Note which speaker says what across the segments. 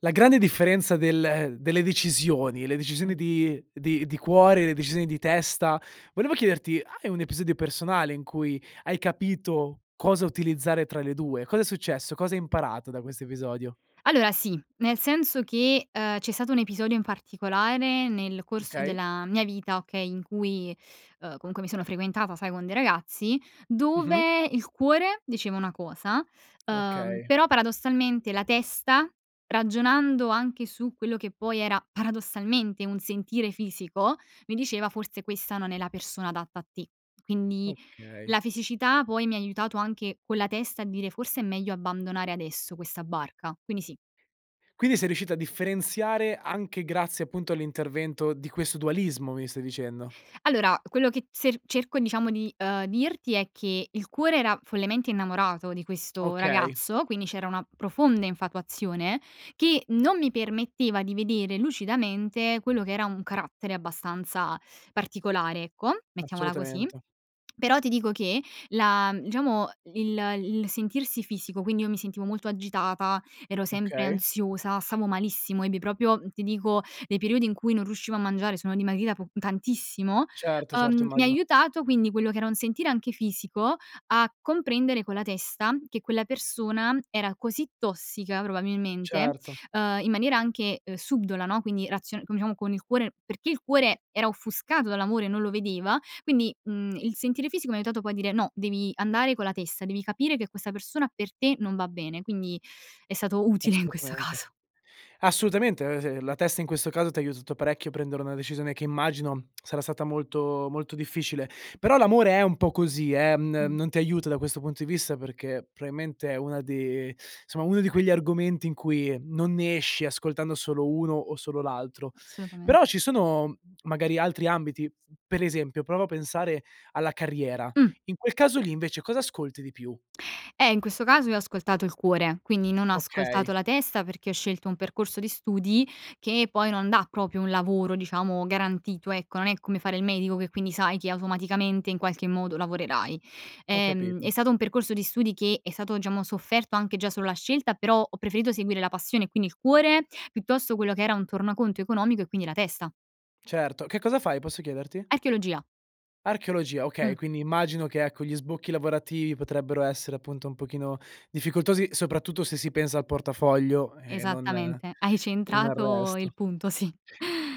Speaker 1: La grande differenza del delle decisioni, le decisioni
Speaker 2: Mh.
Speaker 1: di di di cuore, le decisioni di testa: volevo chiederti hai un episodio personale in cui hai capito cosa utilizzare tra le 2, cosa è successo? Cosa hai imparato da questo episodio?
Speaker 2: Allora sì. Nel senso che, uhm, c'è stato un episodio in particolare nel corso
Speaker 1: Okay.
Speaker 2: della mia vita, okay, in cui, uhm, comunque mi sono frequentata sai con dei ragazzi,
Speaker 1: Mh-mh.
Speaker 2: dove il cuore diceva una cosa, uhm,
Speaker 1: Okay.
Speaker 2: però paradossalmente la testa ragionando anche su quello che poi era paradossalmente un sentire fisico mi diceva forse questa non è la persona adatta a te. Quindi
Speaker 1: Okay.
Speaker 2: la fisicità poi mi aiutato anche con la testa a dire forse è meglio abbandonare adesso questa barca, quindi sì.
Speaker 1: Quindi sei riuscita a differenziare anche grazie appunto all'intervento di questo dualismo mi stai dicendo.
Speaker 2: Allora quello che t ser cerco diciamo di, uhm, dirti è che il cuore era follemente innamorato di questo
Speaker 1: Okay.
Speaker 2: ragazzo, quindi c'era una profonda infatuazione che non mi permetteva di vedere lucidamente quello che era un carattere abbastanza particolare, ecco, mettiamola così.
Speaker 1: Assolutamente.
Speaker 2: Però ti dico che la diciamo il il sentirsi fisico, quindi io mi sentivo molto agitata, ero sempre
Speaker 1: Okay.
Speaker 2: ansiosa, stavo malissimo, ebbi proprio ti dico, dei periodi in cui non riuscivo a mangiare, sono dimagrita po tantissimo.
Speaker 1: Certo, certo.
Speaker 2: Uhm, mi ha
Speaker 1: Immagino.
Speaker 2: aiutato quindi quello che era un sentire anche fisico a comprendere con la testa che quella persona era così tossica probabilmente,
Speaker 1: Certo.
Speaker 2: uhm, in maniera anche, uhm, subdola, no, quindi razio come diciamo con il cuore perché il cuore era offuscato dall'amore non lo vedeva. Quindi, mhmm, il sentire fisico mi ha aiutato poi a dire: "No, devi andare con la testa, devi capire che questa persona per te non va bene quindi è stato utile in questo
Speaker 1: Assolutamente.
Speaker 2: caso.
Speaker 1: Assolutamente. Eh, s la testa in questo caso t'ha aiutato parecchio a prendere una decisione che immagino sarà stata molto molto difficile. Però l'amore è un po' così eh, mhmm,
Speaker 2: Mh.
Speaker 1: non ti aiuta da questo punto di vista perché probabilmente è una di somma, uno di quegli argomenti in cui non ne esci ascoltando solo uno o solo l'altro.
Speaker 2: Assolutamen
Speaker 1: Però ci sono magari altri ambiti: per esempio prova a pensare alla carriera,
Speaker 2: Mh.
Speaker 1: in quel caso lì invece cosa ascolti di più?
Speaker 2: Eh, in questo caso io ho ascoltato il cuore quindi non ho ascoltato
Speaker 1: Okay.
Speaker 2: la testa perché ho scelto un percorso di studi che poi non dà proprio un lavoro diciamo garantito ecco. Non è come fare il medico che quindi sai che automaticamente in qualche modo lavorerai.
Speaker 1: Ho
Speaker 2: Ehm, è
Speaker 1: capito.
Speaker 2: stato un percorso di studi che è stato diciamo sofferto anche già solo la scelta però ho preferito seguire la passione e quindi il cuore piuttosto quello che era un tornaconto economico e quindi la testa.
Speaker 1: Certo, che cosa fai? Posso chiederti?
Speaker 2: Archeologia.
Speaker 1: Archeologia. Okay,
Speaker 2: Mh.
Speaker 1: quindi immagino che, ecco, gli sbocchi lavorativi potrebbero essere, appunto, un pochino difficoltosi soprattutto se si pensa al portafoglio e non
Speaker 2: Esattamente. Hai
Speaker 1: e non al
Speaker 2: centrato
Speaker 1: resto.
Speaker 2: il punto, sì.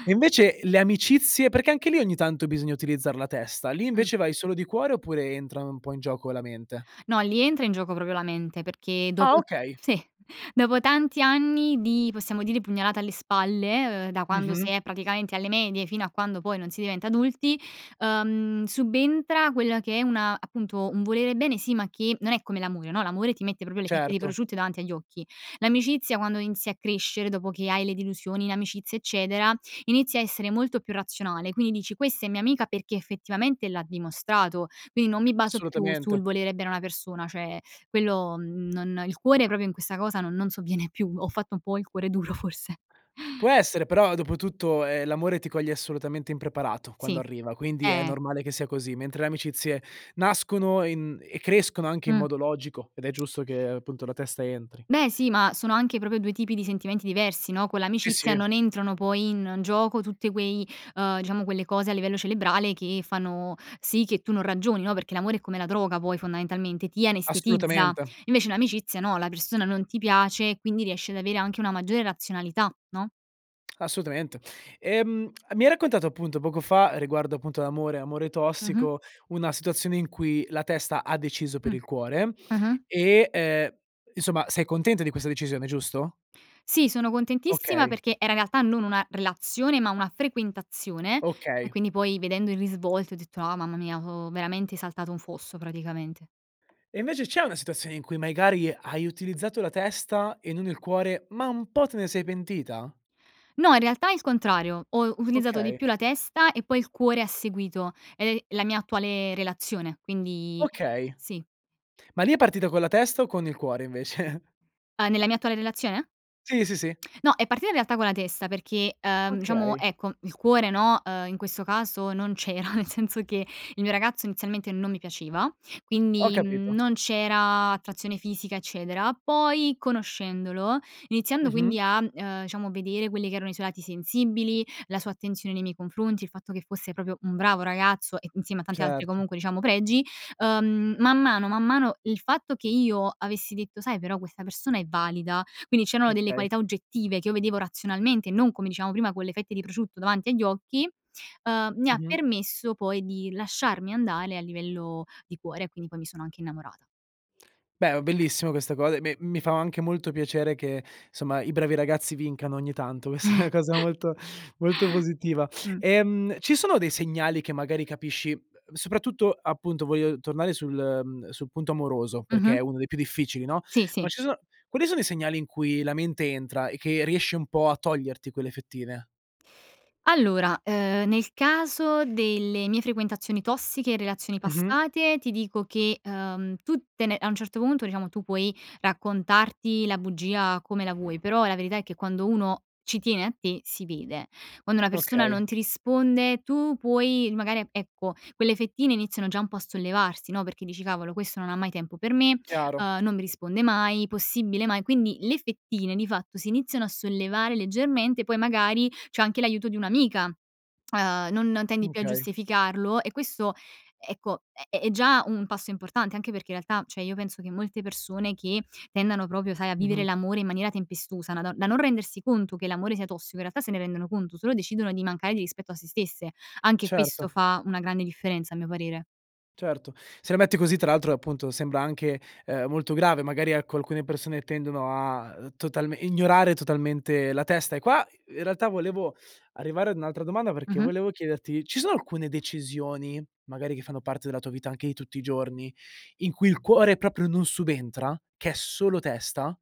Speaker 1: E, invece, le amicizie? Perché anche lì ogni tanto bisogna utilizzar la testa. Lì
Speaker 2: Mh.
Speaker 1: invece vai solo di cuore oppure entra, no, un po' in gioco la mente?
Speaker 2: No, lì entra in gioco proprio la mente, perché
Speaker 1: Ah,
Speaker 2: dopo
Speaker 1: okay.
Speaker 2: sì, dopo tanti anni di, possiamo dire, pugnalata alle spalle, ehm, da quando
Speaker 1: Mh-mh.
Speaker 2: si è praticamente alle medie, fino a quando poi non si diventa adulti, ehm, subentra quella che è un appunto, un volere bene, sì, ma che non è come l'amore, no? L'amore ti mette proprio le fette di
Speaker 1: Certo.
Speaker 2: prosciutto davanti agli occhi, l'amicizia quando inizi a crescere, dopo che hai le delusioni in amicizia, eccetera, inizia a essere molto più razionale, quindi dici: "Questa è mia amica perché effettivamente l'ha dimostrato!", quindi non mi baso più
Speaker 1: Assolutamente.
Speaker 2: sul volere bene a una persona cioè quello, mhmm, non il cuore proprio in questa cosa no non sovviene più, ho fatto un po' il cuore duro forse.
Speaker 1: Può essere, però, dopotutto, ehm, l'amore ti coglie assolutamente impreparato quando
Speaker 2: Sì,
Speaker 1: arriva, quindi è
Speaker 2: eh!
Speaker 1: normale che sia così, mentre le amicizie nascono in e crescono anche in
Speaker 2: Mh.
Speaker 1: modo logico ed è giusto che, appunto, la testa entri.
Speaker 2: Beh, sì, ma sono anche proprio 2 tipi di sentimenti diversi, no? Con
Speaker 1: Sì,
Speaker 2: l'amicizia
Speaker 1: sì.
Speaker 2: non entrano poi in gioco tutte quei ehm, diciamo, quelle cose a livello cerebrale che fanno sì che tu non ragioni, no, perché l'amore è come la droga poi fondamentalmente, ti anestetizza,
Speaker 1: Assolutamente.
Speaker 2: invece l'amicizia, no, la persona non ti piace e quindi riesci ad avere anche una maggiore razionalità, no?
Speaker 1: Assolutamente. Ehm, mi hai raccontato appunto poco fa riguardo appunto l'amore, amore
Speaker 2: Mh-mh.
Speaker 1: tossico, una situazione in cui la testa ha deciso per
Speaker 2: Mh.
Speaker 1: il cuore
Speaker 2: Mh-mh.
Speaker 1: e, ehm, insomma, sei contenta di questa decisione, giusto?
Speaker 2: Sì, sono contentissima
Speaker 1: Okay.
Speaker 2: perché era in realtà non una relazione, ma una frequentazione e
Speaker 1: Okay.
Speaker 2: quindi poi vedendo il risvolto ho detto: "Ah mamma mia ho veramente saltato un fosso praticamente."
Speaker 1: E invece c'è una situazione in cui magari hai utilizzato la testa e non il cuore ma un po' te ne sei pentita?
Speaker 2: No, in realtà il contrario. Ho utilizzato di
Speaker 1: Okay.
Speaker 2: più la testa e poi il cuore ha seguito ed è la mia attuale relazione, quindi
Speaker 1: Okay.
Speaker 2: sì.
Speaker 1: Ma lì è partita con la testa o con il cuore invece?
Speaker 2: Uhm, nella mia attuale relazione?
Speaker 1: Sì, sì, sì.
Speaker 2: No, è partita in realtà con la testa perché, uhm, diciamo,
Speaker 1: Okay.
Speaker 2: ecco, il cuore, no, uhm, in questo caso non c'era, nel senso che il mio ragazzo inizialmente non mi piaceva.
Speaker 1: Ho
Speaker 2: Quindi, mhmm,
Speaker 1: capito.
Speaker 2: non c'era attrazione fisica eccetera, poi conoscendolo, iniziando
Speaker 1: Mh-mh.
Speaker 2: quindi a, uhm, diciamo vedere quelli che erano i suoi lati sensibili, la sua attenzione nei miei confronti, il fatto che fosse proprio un bravo ragazzo e insieme a tanti altri
Speaker 1: Certo.
Speaker 2: comunque diciamo pregi, uhm, man mano, man mano il fatto che io avessi detto: "Sai però questa persona è valida." Quindi c'erano delle
Speaker 1: Okay.
Speaker 2: qualità oggettive che io vedevo razionalmente e non come dicevamo prima con le fette di prosciutto davanti agli occhi, uhm, mi ha
Speaker 1: Mh-mh.
Speaker 2: permesso poi di lasciarmi andare a livello di cuore e quindi poi mi sono anche innamorata.
Speaker 1: Beh, oh, bellissimo questa co e, beh, mi fa anche molto piacere che, somma, i bravi ragazzi vincano ogni tanto. Questa è una cosa molto molto positiva.
Speaker 2: Mh.
Speaker 1: Ehm, ci sono dei segnali che magari capisci uhm, soprattutto appunto voglio tornare sul mhmm, sul punto amoroso perché è
Speaker 2: Mh-mh.
Speaker 1: uno dei più difficili, no?
Speaker 2: Sì,
Speaker 1: Ma
Speaker 2: sì.
Speaker 1: ci so quali sono i segnali in cui la mente entra e che riesce un po' a toglierti quelle fettine?
Speaker 2: Allora, ehm, nel caso delle mie frequentazioni tossiche, relazioni
Speaker 1: Mh-mh.
Speaker 2: passate, ti dico che, uhm, tutte ne a un certo punto diciamo tu puoi raccontarti la bugia come la vuoi, però la verità è che quando uno ci tiene a te, si vede. Quando una persona
Speaker 1: Okay.
Speaker 2: non ti risponde, tu puoi magari, e ecco quelle fettine iniziano già un po' a sollevarsi, no, perché dici: "Cavolo, questo non ha mai tempo per me,
Speaker 1: Chiaro.
Speaker 2: ehm, non mi risponde mai, possibile mai?", quindi le fettine, di fatto si iniziano a sollevare leggermente poi magari c'è anche l'aiuto di un'amica, uhm, non tendi più a
Speaker 1: Okay.
Speaker 2: giustificarlo e questo ecco è è già un passo importante anche perché, in realtà, cioè io penso che molte persone che tendano proprio, sai, a vivere
Speaker 1: Mh-mh.
Speaker 2: l'amore in maniera tempestosa na don da non rendersi conto che l'amore sia tossico, in realtà, se ne rendono conto, solo decidono di mancare di rispetto a se stesse. Anche
Speaker 1: Certo.
Speaker 2: questo fa una grande differenza, a mio parere.
Speaker 1: Certo, se la metti così, tra l'altro, appunto, sembra anche, ehm, molto grave, magari, ecco, alcune persone tendono a, uhm, total ignorare totalmente la testa e qua, in realtà, volevo arrivare ad un'altra domanda perché
Speaker 2: Mh-mh.
Speaker 1: volevo chiederti: ci sono alcune decisioni, magari che fanno parte della tua vita anche di tutti i giorni in cui il cuore proprio non subentra? Che è solo testa?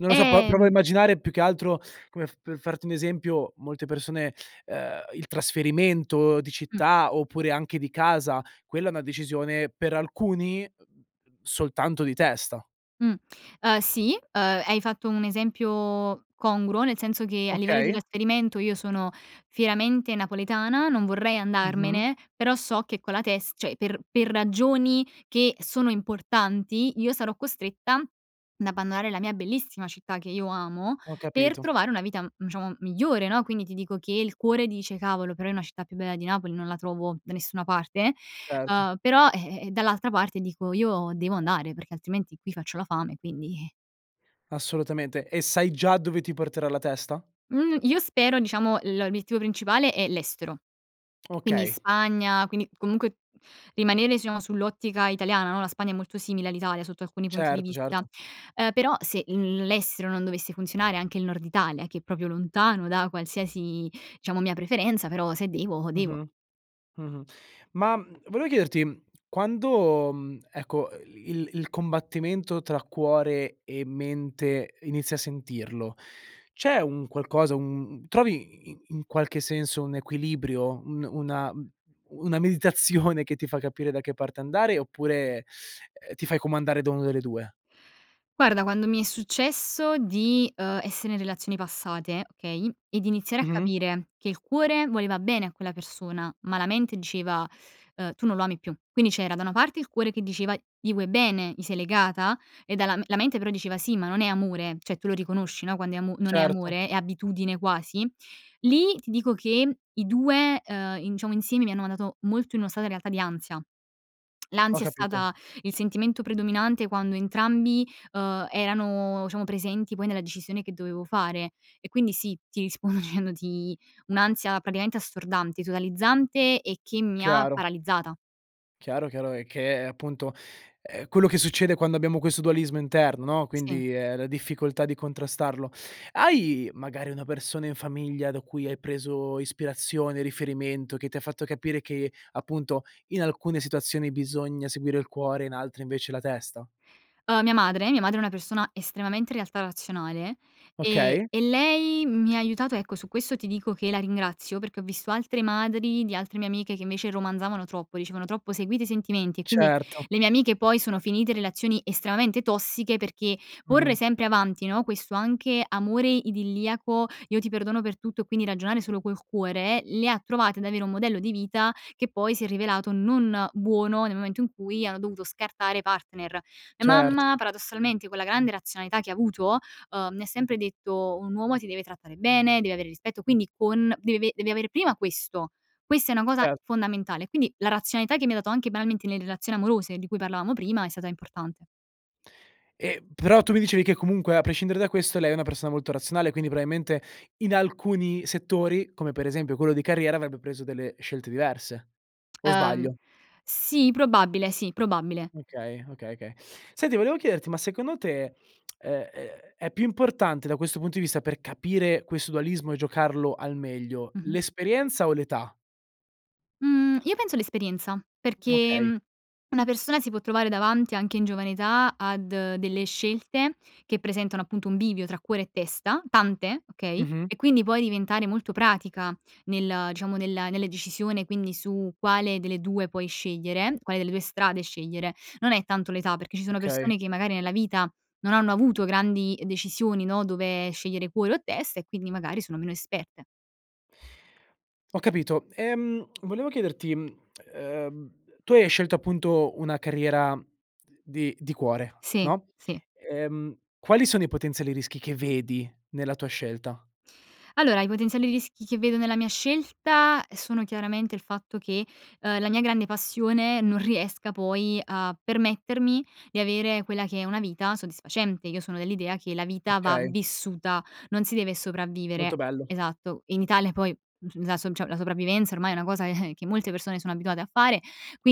Speaker 1: Non lo so po provo a
Speaker 2: Ehm
Speaker 1: immaginare più che altro come f per farti un esempio: molte persone ehm, il trasferimento di
Speaker 2: Mh.
Speaker 1: città oppure anche di casa quella è una decisione per alcuni, uhm, soltanto di testa.
Speaker 2: Mh. Uhm, sì, uhm, hai fatto un esempio congruo, nel senso che, a livello di
Speaker 1: Okay.
Speaker 2: trasferimento, io sono fieramente napoletana, non vorrei
Speaker 1: Mh-mh.
Speaker 2: andarmene, però so che con la tes cioè per per ragioni che sono importanti, io sarò costretta ad abbandonare la mia bellissima città che io amo,
Speaker 1: Ho
Speaker 2: per
Speaker 1: capito.
Speaker 2: trovare una vita, mhmm, diciamo migliore, no? Quindi ti dico che il cuore dice: "Cavolo, però io una città più bella di Napoli non la trovo da nessuna parte",
Speaker 1: Erto.
Speaker 2: uhm, però ehm, eh, dall'altra parte dico: "Io devo andare, perché altrimenti qui faccio la fame, quindi".
Speaker 1: Assolutamente, e sai già dove ti porterà la testa?
Speaker 2: Mhmm, io spero diciamo l l'obiettivo principale è l'estero, quindi
Speaker 1: Okay.
Speaker 2: Spagna, quindi comunque rimanere, diciamo, sull'ottica italiana, no, la Spagna è molto simile all'Italia sotto alcuni punti di
Speaker 1: Certo,
Speaker 2: vista.
Speaker 1: certo.
Speaker 2: Uhm, però se l l'estero non dovesse funzionare, anche il Nord Italia che è proprio lontano da qualsiasi diciamo mia preferenza, però se devo, devo.
Speaker 1: Mh-mh. Mh-mh. Ma, mhmm, volevo chiederti: quando, mhmm, ecco, il il combattimento tra cuore e mente inizi a sentirlo, c'è un qualcosa, un un trovi i i in qualche senso, un equilibrio, un una mhmm, una meditazione che ti fa capire da che parte andare, oppure, ehm, ti fai comandare da una delle 2?
Speaker 2: Guarda, quando mi è successo di, uhm, essere in relazioni passate, okay, e di iniziare a
Speaker 1: Mh-mh.
Speaker 2: capire che il cuore voleva bene a quella persona, ma la mente diceva, ehm: "Tu non lo ami più". Quindi c'era da una parte il cuore che diceva: "Gli vuoi bene, gli sei legata" e dal la mente però diceva: "Sì ma non è amore", cioè tu lo riconosci, no, quando è amo non è
Speaker 1: Certo.
Speaker 2: amore, è abitudine quasi, lì ti dico che i 2 ehm, in diciamo insieme mi hanno mandato molto in una strada realtà di ansia.
Speaker 1: Ho
Speaker 2: L'ansia è
Speaker 1: capito.
Speaker 2: stata il sentimento predominante quando entrambi, uhm, erano diciamo presenti poi nella decisione che dovevo fare e quindi, sì, ti rispondo dicendoti un'ansia praticamente assordante, totalizzante e che mi ha
Speaker 1: Chiaro.
Speaker 2: paralizzata.
Speaker 1: Chiaro, chiaro, e che, appunto, è quello che succede quando abbiamo questo dualismo interno, no,
Speaker 2: Sì.
Speaker 1: quindi è la difficoltà di contrastarlo. Hai magari una persona in famiglia da cui hai preso ispirazione, riferimento, che ti ha fatto capire che, appunto, in alcune situazioni bisogna seguire il cuore, in altre invece la testa?
Speaker 2: Uhm, mia madre mia madre è una persona estremamente, in realtà, razionale e
Speaker 1: Okay.
Speaker 2: e lei mi ha aiutato ecco, su questo ti dico che la ringrazio, perché ho visto altre madri di altre mie amiche che, invece, romanzavano troppo, dicevano troppo: "Seguite i sentimenti" e quindi
Speaker 1: Certo.
Speaker 2: le mie amiche poi sono finite in relazioni estremamente tossiche perché porre
Speaker 1: Mh-mh.
Speaker 2: sempre avanti, no, questo anche amore idilliaco "Io ti perdono per tutto" e quindi ragionare solo col cuore, le ha trovate ad avere un modello di vita che poi si è rivelato non buono nel momento in cui hanno dovuto scartare i partner. Mia
Speaker 1: Cert
Speaker 2: mamma, paradossalmente, con la grande razionalità che ha avuto, uhm, mi ha sempre detto: "Un uomo ti deve trattare bene, deve avere rispetto", quindi con deve ave deve avere prima questo, questa è una cosa
Speaker 1: Cer
Speaker 2: fondamentale, quindi la razionalità che mi ha dato anche banalmente nelle relazioni amorose di cui parlavamo prima è stata importante.
Speaker 1: Ehm, però tu mi dicevi che comunque, a prescindere da questo, lei è una persona molto razionale quindi probabilmente in alcuni settori come, per esempio, quello di carriera, avrebbe preso delle scelte diverse o
Speaker 2: Ehm,
Speaker 1: sbaglio?
Speaker 2: sì probabile, sì probabile.
Speaker 1: Okay, okay, okay. Senti volevo chiederti ma, secondo te, ehm, è è più importante, da questo punto di vista, per capire questo dualismo e giocarlo al meglio,
Speaker 2: Mh-mh.
Speaker 1: l'esperienza o l'età?
Speaker 2: Mhmm, io penso all'esperienza perché,
Speaker 1: Okay.
Speaker 2: mhmm, una persona si può trovare davanti anche in giovane età ad delle scelte che presentano, appunto, un bivio tra cuore e testa, tante, okay,
Speaker 1: Mh-mh.
Speaker 2: e quindi puoi diventare molto pratica nel diciamo nella nella decisione, quindi su quale delle 2 puoi scegliere, quale delle 2 strade scegliere, non è tanto l'età, perché ci sono
Speaker 1: Okay.
Speaker 2: persone che magari nella vita non hanno avuto grandi decisioni, no, dove scegliere cuore o testa e quindi magari sono meno esperte.
Speaker 1: Ho capito. Ehm, volevo chiederti: mhmm, ehm, tu hai scelto, appunto, una carriera di di cuore,
Speaker 2: Sì,
Speaker 1: no?
Speaker 2: sì.
Speaker 1: Ehm, quali sono i potenziali rischi che vedi nella tua scelta?
Speaker 2: Allora, i potenziali rischi che vedo nella mia scelta sono chiaramente il fatto che, uhm, la mia grande passione non riesca poi a permettermi di avere quella che è una vita soddisfacente. Io sono dell'idea che la vita va
Speaker 1: Okay.
Speaker 2: vissuta, non si deve
Speaker 1: Molto
Speaker 2: sopravvivere,
Speaker 1: bello.
Speaker 2: esatto. In Italia, poi, mhmm, la so cioè la sopravvivenza ormai è una cosa che molte persone sono abituate a fare,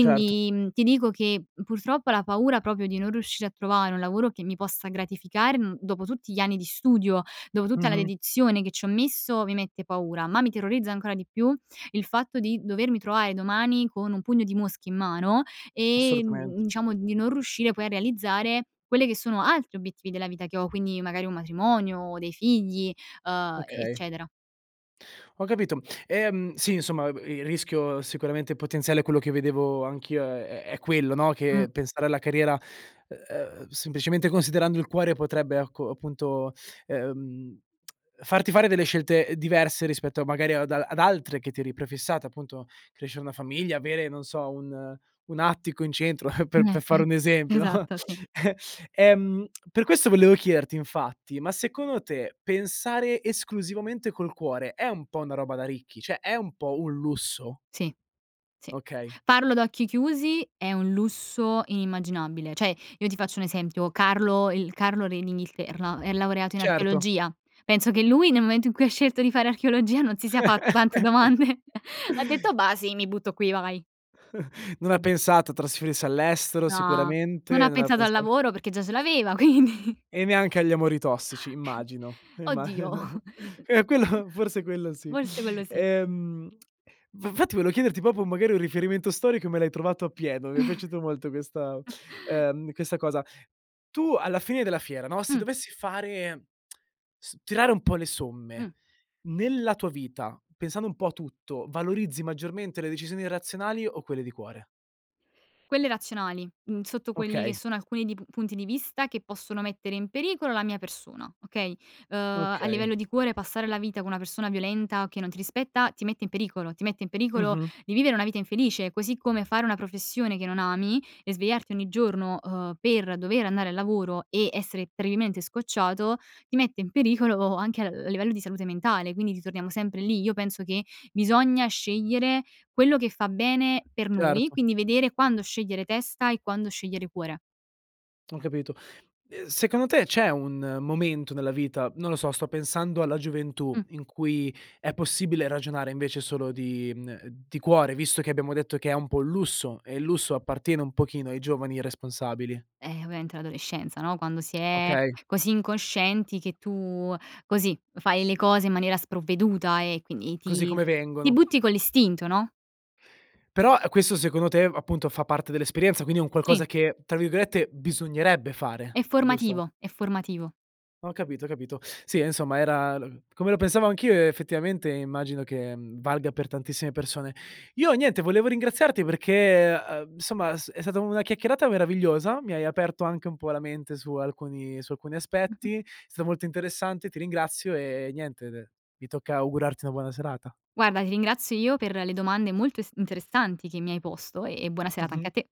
Speaker 1: Certo.
Speaker 2: mhmm, ti dico che purtroppo la paura proprio di non riuscire a trovare un lavoro che mi possa gratificare, mhmm, dopo tutti gli anni di studio, dopo tutta la
Speaker 1: Mh-mh.
Speaker 2: dedizione che ci ho messo, mi mette paura, ma mi terrorizza ancora di più il fatto di dovermi trovare domani con un pugno di mosche in mano e,
Speaker 1: Assolutamente.
Speaker 2: mhmm, diciamo, di non riuscire poi a realizzare quelle che sono altri obiettivi della vita che ho, quindi, magari un matrimonio o dei figli, uhm, e
Speaker 1: Okay.
Speaker 2: eccetera.
Speaker 1: Ho capito. Ehm, sì, insomma, b il rischio sicuramente potenziale è quello che vedevo anch'io è è quello, no,
Speaker 2: Mh.
Speaker 1: che pensare alla carriera, ehm, semplicemente, considerando il cuore potrebbe, ecco, appunto, ehm, farti fare delle scelte diverse rispetto magari ad ad altre che ti eri prefissata, appunto, crescere una famiglia, avere, non so, un un attico in centro, per per fare un esempio, no?
Speaker 2: Esatto, sì.
Speaker 1: Ehm, per questo volevo chiederti, infatti: ma, secondo te, pensare esclusivamente col cuore è un po' una roba da ricchi? Cioè è un po' un lusso?
Speaker 2: Sì, sì, sì,
Speaker 1: Okay.
Speaker 2: farlo ad occhi chiusi è un lusso inimmaginabile, cioè, io ti faccio un esempio: Carlo, il Carlo re d'Inghilterra è laureato in
Speaker 1: Certo.
Speaker 2: archeologia. Penso che lui nel momento in cui ha scelto di fare archeologia non si sia fatto tante domande, ha detto: "Bah, sì, mi butto qui, vai."
Speaker 1: Non ha pensato a trasferirsi all'estero
Speaker 2: No, non
Speaker 1: sicuramente,
Speaker 2: ha
Speaker 1: non ha
Speaker 2: pensato al
Speaker 1: pensa
Speaker 2: lavoro perché già ce l'aveva quindi.
Speaker 1: E neanche agli amori tossici, immagino. Ehm, imma
Speaker 2: Oddio!
Speaker 1: eh, quello forse, quello sì.
Speaker 2: Forse, quello sì.
Speaker 1: Ehm, f infatti volevo chiederti proprio magari un riferimento storico e me l'hai trovato a pieno, mi è piaciuto molto questa ehm, questa cosa. Tu alla fine della fiera, no, se
Speaker 2: Mh.
Speaker 1: dovessi fare s tirare un po' le somme,
Speaker 2: Mh.
Speaker 1: nella tua vita, pensando un po' a tutto, valorizzi maggiormente le decisioni razionali o quelle di cuore?
Speaker 2: Quelle razionali, mhmm, sotto quelli che
Speaker 1: Okay.
Speaker 2: sono alcuni d punti di vista che possono mettere in pericolo la mia persona, okay? Uhm, a
Speaker 1: Okay.
Speaker 2: livello di cuore, passare la vita con una persona violenta, che non ti rispetta, ti mette in pericolo, ti mette in pericolo
Speaker 1: Mh-mh.
Speaker 2: vivere una vita infelice, così come fare una professione che non ami e svegliarti ogni giorno, uhm, per dover andare al lavoro e essere terribilmente scocciato, ti mette in pericolo anche al livello di salute mentale, quindi ritorniamo sempre lì. Io penso che bisogna scegliere quello che fa bene per noi,
Speaker 1: Certo.
Speaker 2: quindi vedere quando scegliere testa e quando scegliere cuore.
Speaker 1: Ho capito. Ehm, secondo te, c'è un momento nella vita, non lo so, sto pensando alla gioventù,
Speaker 2: Mh.
Speaker 1: in cui è possibile ragionare invece solo di mhmm, di cuore visto che abbiamo detto che è un po' un lusso e il lusso appartiene un pochino ai giovani irresponsabili?
Speaker 2: Ehm, ovviamente l'adolescenza, no, quando si è
Speaker 1: Okay.
Speaker 2: così incoscienti che tu così, fai le cose in maniera sprovveduta e quindi
Speaker 1: Così
Speaker 2: ti
Speaker 1: come
Speaker 2: ti
Speaker 1: vengono.
Speaker 2: butti con l'istinto, no?
Speaker 1: Però, questo, secondo te, appunto, fa parte dell'esperienza, quindi un
Speaker 2: Sì.
Speaker 1: qualcosa che tra virgolette "bisognerebbe"
Speaker 2: È
Speaker 1: fare, giusto?
Speaker 2: formativo, è formativo.
Speaker 1: Ho capito, ho capito. Sì, ehm, insomma era l come lo pensavo anch'io effettivamente immagino che, mhmm, valga per tantissime persone. Io, niente, volevo ringraziarti perché, uhm, somma, è s è stata una chiacchierata meravigliosa, mi hai aperto anche un po' la mente su alcuni su alcuni aspetti. È stato molto interessante, ti ringrazio e niente de mi tocca augurarti una buona serata.
Speaker 2: Guarda, ti ringrazio io per le domande molto es interessanti che mi hai posto e buona serata anche
Speaker 1: Mh-mh.
Speaker 2: a te.